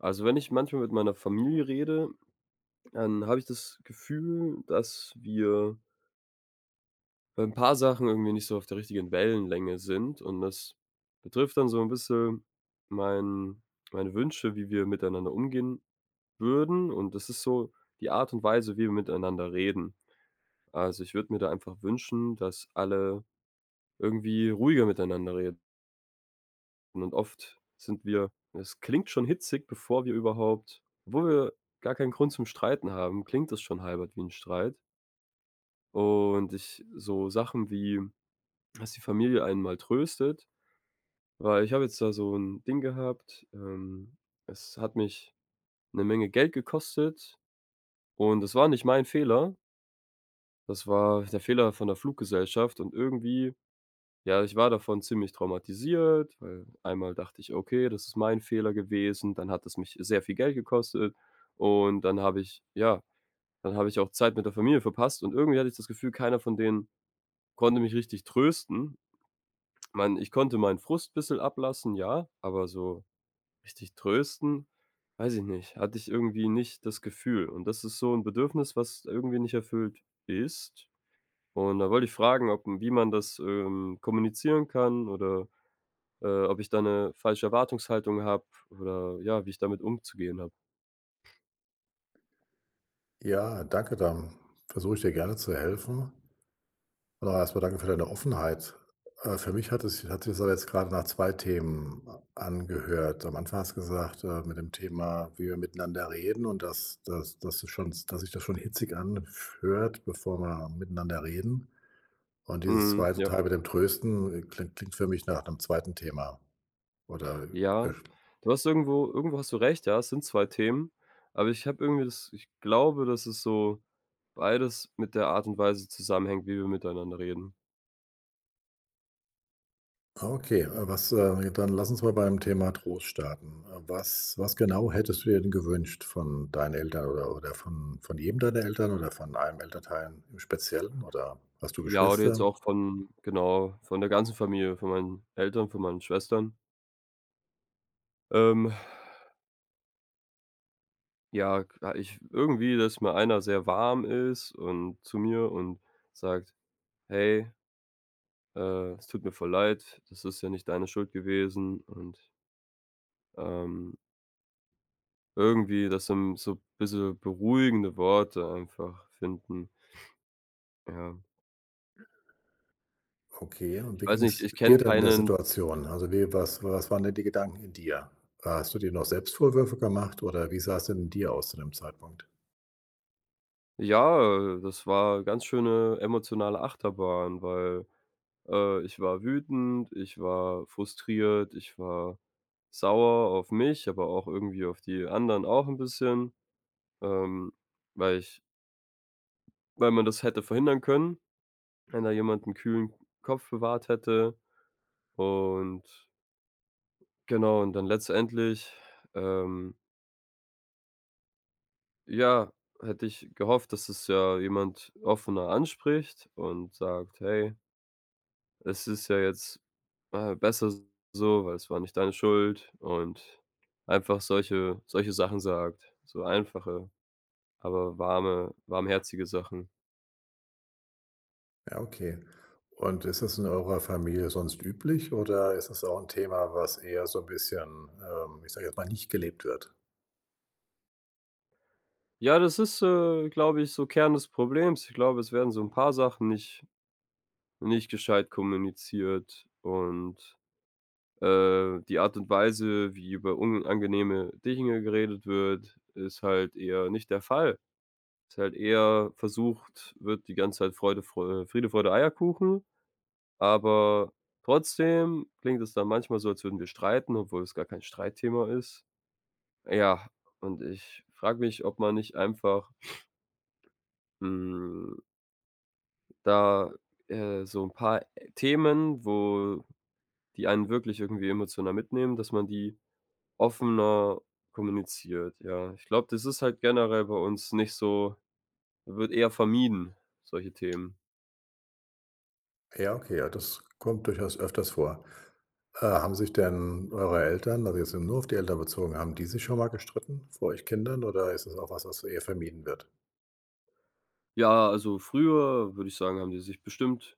Also, wenn ich manchmal mit meiner Familie rede, dann habe ich das Gefühl, äh, dass wir ein paar Sachen irgendwie nicht so auf der richtigen Wellenlänge sind und das betrifft dann so 'n bisschen mein meine Wünsche, wie wir miteinander umgehen würden und das ist so die Art und Weise, wie wir miteinander reden. Also, ich würde mir da einfach wünschen, dass alle irgendwie ruhiger miteinander reden. Und dann oft sind wir es klingt schon hitzig bevor wir überhaupt obwohl wir, äh, gar keinen Grund zum Streiten haben, klingt das schon halb wie 'n Streit und ich äh, so Sachen wie, das die Familie einen mal tröstet. Weil ich habe jetzt da so 'n Ding gehabt, ähm, es hat mich 'ne Menge Geld gekostet und das war nicht mein Fehler! Das war, äh, der Fehler von der Fluggesellschaft und irgendwie, ja, ich war davon ziemlich traumatisiert. Weil einmal dachte ich okay, das ist mein Fehler gewesen, dann hat es mich sehr viel Geld gekostet. Und dann habe ich ja, dann habe ich auch Zeit mit der Familie verpasst. Und irgendwie hatte ich das Gefühl, keiner von denen konnte mich richtig trösten. Mein ich konnte meinen Frust ein bisschen ablassen, ja, aber so richtig trösten, weiß ich nicht. Hatte ich irgendwie nicht das Gefühl. Und das ist so 'n Bedürfnis, was irgendwie nicht erfüllt ist. Und da wollte ich fragen, ob wie man das, ähm, kommunizieren kann oder, äh, ob ich da 'ne falsche Erwartungshaltung habe oder, äh, ja, wie ich damit umzugehen habe. Ja, danke. Dann versuche ich dir gerne zu helfen. Aber erst mal danke für deine Offenheit. Äh, für mich hatte es hatte es jetzt gerade nach zwei Themen a angehört. Am Anfang hast gesagt: „Äh, mit dem Thema, wie wir miteinander reden und dass dass das schon dass sich das schon hitzig anf hört, bevor wir miteinander reden.“ Und dieses Mhm zweite ja. Teil mit dem Trösten, äh, klingt klingt für mich nach 'nem zweiten Thema oder, äh, Ja. verst Du hast irgendwo irgendwo hast du recht. Ja, es sind zwei Themen, aber ich habe irgendwie das ich glaube, dass ist so beides mit der Art und Weise zusammenhängt, wie wir miteinander reden. Okay. Äh, was äh, ne, dann lass uns mal beim Thema Trost starten. Äh, was was genau hättest du dir denn gewünscht von deinen Eltern oder oder vom von jedem deiner Eltern oder von einem Elternteil im Speziellen? Oder hast du Ja, oder jetzt Geschwister? auch von genau, von der ganzen Familie, von meinen Eltern, von meinen Schwestern. Ähm. Ja, k ich w äh, irgendwie, dass mal einer sehr warm ist und zu mir und sagt: „Hey!" „äh, es tut mir voll leid. Das ist ja nicht deine Schuld gewesen“ und Ähm. irgendwie, dass so 'n so bisschen beruhigende Worte einfach finden. Ja. Okay. Und wie Weiß nicht, ging's, äh, ich kenne dir denn in der keinen Situation? Also wie was was waren denn die Gedanken in dir? Äh, hast du dir noch Selbstvorwürfe gemacht, oder wie sah es denn in dir aus zu dem Zeitpunkt? Ja, äh, das war, äh, ganz schöne emotionale Achterbahn. Weil, äh, ich war wütend, ich war frustriert, ich war sauer auf mich, aber auch irgendwie auf die anderen auch 'n bisschen, ähm, weil ich Weil man das hätte verhindern können, wenn da jemand 'n kühlen Kopf bewahrt hätte und genau, und dann letztendlich, ähm ja, hätte ich gehofft, dass es ja jemand offener anspricht und sagt: „Hey" „es ist ja jetzt, äh, besser so, weil es war nicht deine Schuld“ und einfach solche solche Sachen sagt, so einfache, aber warme warmherzige Sachen. Ja, okay, und ist das in eurer Familie sonst üblich, oder ist das auch 'n Thema, was eher so bisschen, ähm, ich sage jetzt mal, nicht gelebt wird? Ja, das ist, äh, glaube ich, so Kern das Problems. Ich glaube, es werden so 'n paar Sachen nicht nicht gescheit kommuniziert und, äh, die Art und Weise, wie über unangenehme Dinge geredet wird, ist halt eher nicht der Fall. Ist halt eher versucht wird, die ganze Zeit Freude, Freu Friede, Freude, Eierkuchen, aber trotzdem klingt es dann manchmal so, als würden wir streiten, obwohl es gar kein Streitthema ist. Ja, und ich frage mich, ob man nicht einfach hm. Da, äh, so 'n paar Themen, wo die einen wirklich irgendwie emotional mitnehmen, dass man die offener kommuniziert, ja. Ich glaube, das ist halt generell bei uns nicht so wird eher vermieden solche Themen. Ja. Okay. Ja, das kommt durchaus öfters vor. Äh, haben sich denn eure Eltern- also, wir sind nur auf die Eltern bezogen- haben die sich schon mal gestritten, vor euch Kindern? Oder ist das auch was, was eher vermieden wird? Ja, also, früher, würde ich sagen, haben die sich bestimmt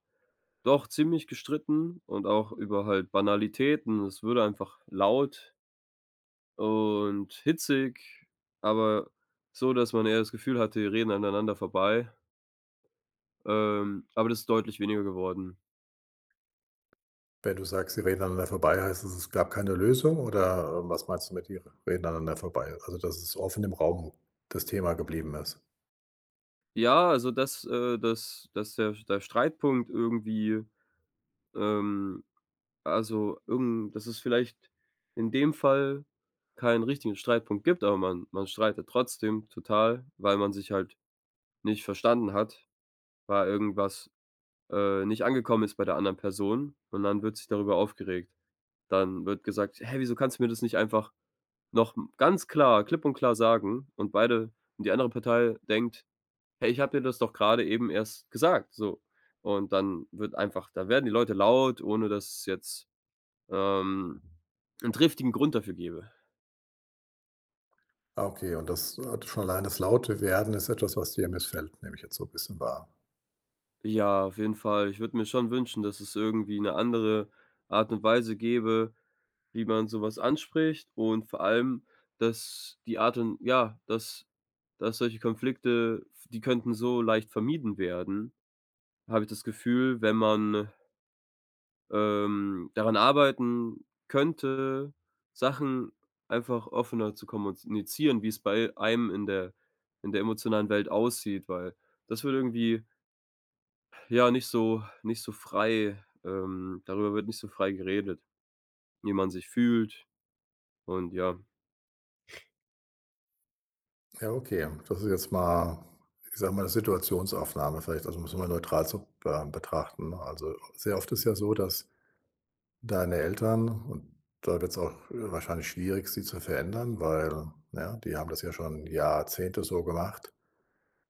doch ziemlich gestritten und auch über halt Banalitäten. Es wurde würde einfach laut und hitzig, aber so, dass man eher das Gefühl hatte, die reden aneinander vorbei. Ähm, aber das ist deutlich weniger geworden. Wenn du sagst, sie reden einander vorbei, heißt es, es gab keine Lösung, oder was meinst du mit die r reden aneinander vorbei? Also, dass es offen im Raum, das Thema geblieben ist? Ja, also, dass äh, dass dass der der Streitpunkt irgendwie ähm, also irgen dass es vielleicht in dem Fall keinen richtigen Streitpunkt gibt, aber man man streitet trotzdem total, weil man sich halt nicht verstanden hat, weil irgendwas, äh, nicht angekommen ist bei der anderen Person. Und dann wird sich darüber aufgeregt. Dann wird gesagt: „Hey, wieso kannst du mir das nicht einfach noch m ganz klar klipp und klar sagen”, und beide und die andere Partei denkt „Hey, ich habe dir das doch gerade eben erst gesagt”, so. Und dann wird einfach da werden die Leute laut, ohne dass jetzt, ähm, 'n triftigen Grund dafür gebe. Ah, okay, und das äh, hat schon allein das Lauterwerden ist etwas, was dir missfällt, nehme ich jetzt so 'n bisschen wahr. Ja, auf jeden Fall. Ich würde mir schon wünschen, dass es irgendwie 'ne andere Art und Weise gäbe, wie man sowas anspricht. Und vor allem, dass die Art und Ja, dass dass solche Konflikte, die könnten so leicht vermieden werden, habe ich das Gefühl, wenn man ähm, daran arbeiten könnte, Sachen einfach offener zu kommunizieren, wie es bei einem in der in der emotionalen Welt aussieht, weil das würde irgendwie ja, nicht so nicht so frei ähm, darüber wird nicht so frei geredet, wie man sich fühlt und ja. Ja, okay, ähm. Das ist jetzt mal, ich sage mal, 'ne Situationsaufnahme, vielleicht Also, um es mal neutral zu be äh, betrachten. Also, sehr oft ist es ja so, dass deine Eltern, und da wird es auch, äh, wahrscheinlich schwierig, sie zu verändern, weil, ne, die haben das ja schon Jahrzehnte so gemacht,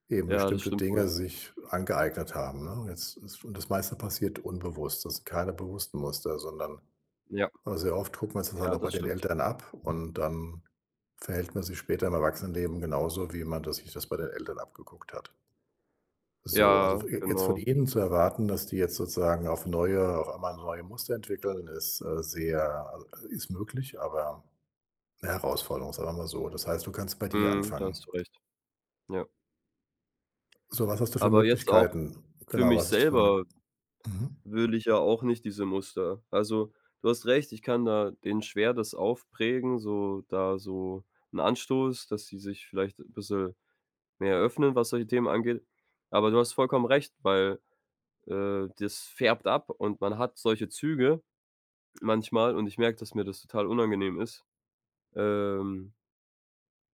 eben Ja, das bestimmte stimmt wohl. Dinge sich angeeignet haben, ne? Jetzt ist und das meiste passiert unbewusst. Das sind keine bewussten Muster, sondern, Ja. äh, sehr oft guckt man es halt Ja, auch bei das den stimmt. Eltern ab, und dann verhält man sich später im Erwachsenenleben genauso, wie man das sich bei den Eltern abgeguckt hat. So, also, Ja, je jetzt von genau. ihnen zu erwarten, dass die jetzt sozusagen auf neue auf einmal neue Muster entwickeln, ist, äh, sehr äh, ist möglich, aber 'ne Herausforderung. Sagen wir mal so. Das heißt, du kannst bei dir Mhm, da anfangen. hast du recht. Ja. So. Was hast du für Aber jetzt auch Möglichkeiten? für Genau. mich Was hast du für Mö selber mhm. will ich ja auch nicht diese Muster. Also, du hast recht, ich kann da denen schwer das aufprägen, so da so 'n Anstoß, dass sie sich vielleicht bisschen mehr öffnen, was solche Themen angeht. Aber du hast vollkommen recht, weil, äh, das färbt ab und man hat solche Züge manchmal und ich merke, dass mir das total unangenehm ist. Ähm.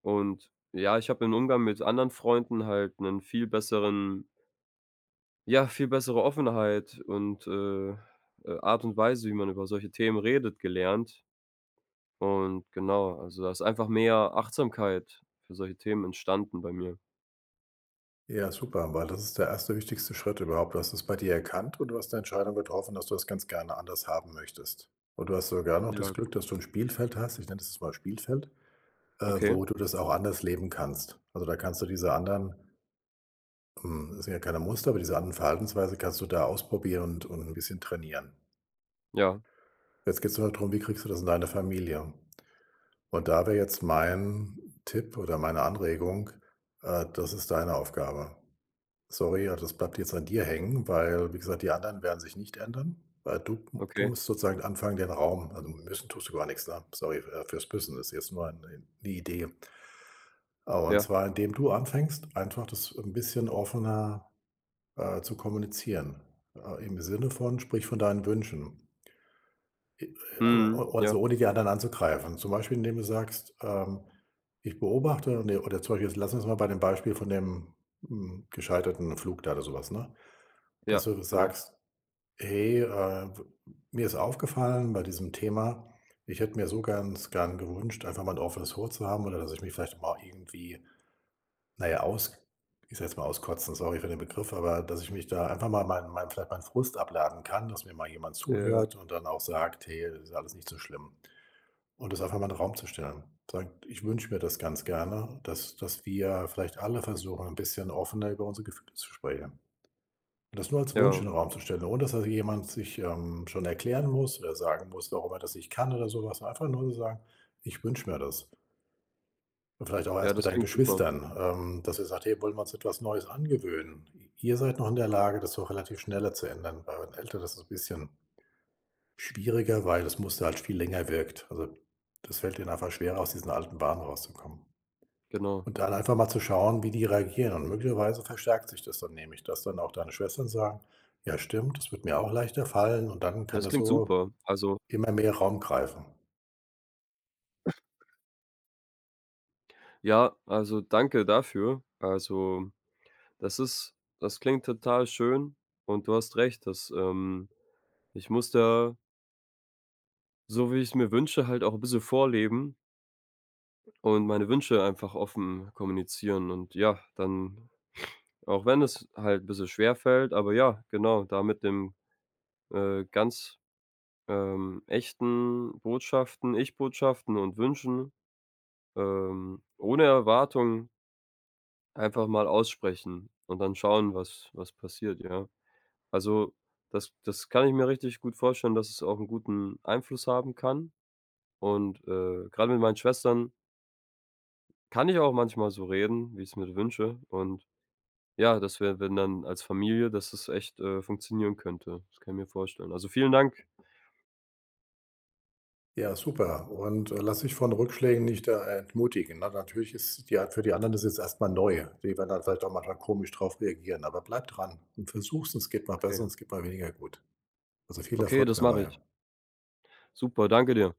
Und ja, ich habe im Umgang mit anderen Freunden halt 'nen viel besseren ja, viel bessere Offenheit und, äh, äh, Art und Weise, wie man über solche Themen redet, gelernt. Und genau, also, da ist einfach mehr Achtsamkeit für solche Themen entstanden bei mir. Ja, super, weil das ist der 1. wichtigste Schritt überhaupt. Du hast es bei dir erkannt und du hast 'ne Entscheidung getroffen, dass du das ganz gerne anders haben möchtest. Und du hast sogar noch Ja das Glück, genau. dass du 'n Spielfeld hast, ich nenne es mal Spielfeld, äh, Okay. wo du das auch anders leben kannst. Also, da kannst du diese anderen hm, das sind ja keine Muster, weil diese anderen Verhaltensweise kannst du da ausprobieren und 'n bisschen trainieren. Ja. Jetzt geht es darum. Wie kriegst du das in deine Familie? Und da wäre jetzt mein Tipp oder meine Anregung, äh, das ist deine Aufgabe. Sorry, ja, das bleibt jetzt an dir hängen, weil, wie gesagt, die anderen werden sich nicht ändern, weil du du Okay. musst sozusagen anfangen den Raum also, müssen tust du gar nichts ne? Sorry, fürs müssen ist jetzt nur ein 'ne Idee. Ah, und Ja. zwar, indem du anfängst, einfach das 'n bisschen offener, äh, zu kommunizieren, äh, im Sinne von sprich von deinen Wünschen. I e Mhm o oder Ja. so ohne die anderen anzugreifen. Zum Beispiel, indem du sagst, ähm: „Ich beobachte.“ Ne, oder zum Beispiel jetzt lass uns mal bei dem Beispiel von dem m gescheiterten Flug da oder sowas, ne? Ja, Dass du genau. sagst: „Hey, äh, w mir ist aufgefallen bei diesem Thema. Ich hätte mir so ganz gern gewünscht, einfach mal ein offenes Wort zu haben, oder dass ich mich vielleicht mal irgendwie na ja, aus ich sage jetzt mal auskotzen. Sorry für den Begriff, aber dass ich mich da einfach mal mein mein meinen Frust abladen kann, dass mir mal jemand Ja. zuhört und dann auch sagt: „Hey, das ist alles nicht so schlimm.“ Und das einfach mal einen Raum zu stellen. Sagt: „Ich wünsche mir das ganz gerne, dass dass wir vielleicht alle versuchen, 'n bisschen offener über unsere Gefühle zu sprechen.“ Und das nur als Wunsch in Ja. den Raum zu stellen, ohne dass jemand sich, ähm, schon erklären muss oder sagen muss, warum er das nicht kann oder sowas, ne? Einfach nur zu sagen: „Ich wünsche mir das.“ Und vielleicht auch Ja, erst mit das deinen klingt super. Geschwistern, ähm, dass ihr sagt: „Hey, wollen wir uns etwas Neues angewöhnen?“ Ihr seid noch in der Lage, das so relativ schneller zu ändern. Bei euren Eltern das ist bisschen schwieriger, weil das Muster viel länger wirkt. Also, das fällt den einfach schwerer, aus diesen alten Bahnen rauszukommen. Genau. Und da dann einfach mal zu schauen, wie die reagieren. Und möglicherweise verstärkt sich das dann nämlich, dass dann auch deine Schwestern sagen: „Ja, stimmt, das würde mir auch leichter fallen.“ Und dann Ja, kann das das klingt so super. Also immer mehr Raum greifen. Ja, also, danke dafür. Also, das ist das klingt total schön und du hast recht, dass ähm, ich muss da so, wie ich's mir wünsche, halt auch 'n bisschen vorleben und meine Wünsche einfach offen kommunizieren und ja, dann auch wenn es halt 'n bisschen schwer fällt aber ja, genau, da mit den, äh, ganz, ähm, echten Botschaften Ich-Botschaften und Wünschen, ähm, ohne Erwartung einfach mal aussprechen und dann schauen, was was passiert, ja. Also, das das kann ich mir richtig gut vorstellen, dass es auch 'n guten Einfluss haben kann. Und, äh, gerade mit meinen Schwestern kann ich auch manchmal so reden, wie ich es mir wünsche und, ja, das wäre, wenn dann als Familie, dass das echt, äh, funktionieren könnte. Das kann ich mir vorstellen. Also, vielen Dank. Ja super. Und, äh, lass dich von Rückschlägen nicht äh, äh, entmutigen. Na natürlich ist die Art für die anderen ist jetzt erst mal neu. Die werden dann vielleicht auch manchmal komisch drauf reagieren. Aber bleib dran und versuch es. Es geht mal Okay. besser und es geht mal weniger gut. Also, viel Okay, Erfolg das mache ich. dabei. Super. Danke dir.